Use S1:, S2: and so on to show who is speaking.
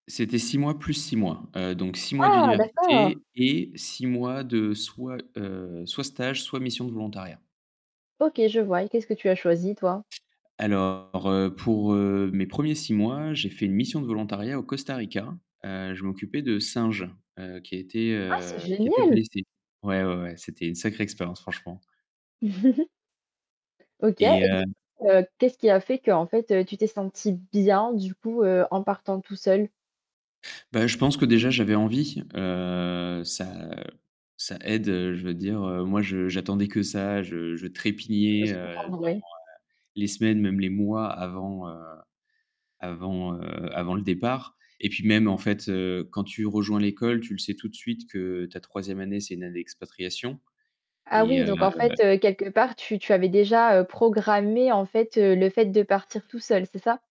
S1: C'était 6 mois plus 6 mois. Heu, donc 6 mois
S2: Ah, d'accord.
S1: d'université et 6 mois de soit, heu, soit stage, soit mission de volontariat.
S2: OK, je vois et qu'est-ce que tu as choisi toi?
S1: Alors, heu, pour, heu, mes premiers 6 mois, j'ai fait une mission de volontariat au Costa Rica. Heu, je m'occupais de singes, heu, qui étaient,
S2: Ah, c'est
S1: heu, qui étaient
S2: génial.
S1: blessés. Ouais, ouais ouais, c'était une sacrée expérience, franchement.
S2: OK.
S1: Et,
S2: Et du
S1: heu
S2: coup, heu, qu'est-ce qui a fait, qu'en fait, tu t'es sentie bien du coup, heu, en partant tout seul?
S1: Bah, je pense que déjà j'avais envie, heu, ça ça aide, heu, je veux dire, heu, moi je j'attendais que ça, je je
S2: Ca peut
S1: trépignais,
S2: se
S1: heu,
S2: comprendre,
S1: dans, heu,
S2: oui.
S1: les semaines même les mois avant, heu, avant, heu, avant le départ. Et puis même en fait, heu, quand tu rejoins l'école, tu le sais tout de suite que ta 3e année, c'est une année d'expatriation
S2: Ah,
S1: et
S2: oui, donc en
S1: heu
S2: fait, heu, quelque part, tu tu avais déjà, heu, programmé en fait, heu, le fait de partir tout seul, c'est ça?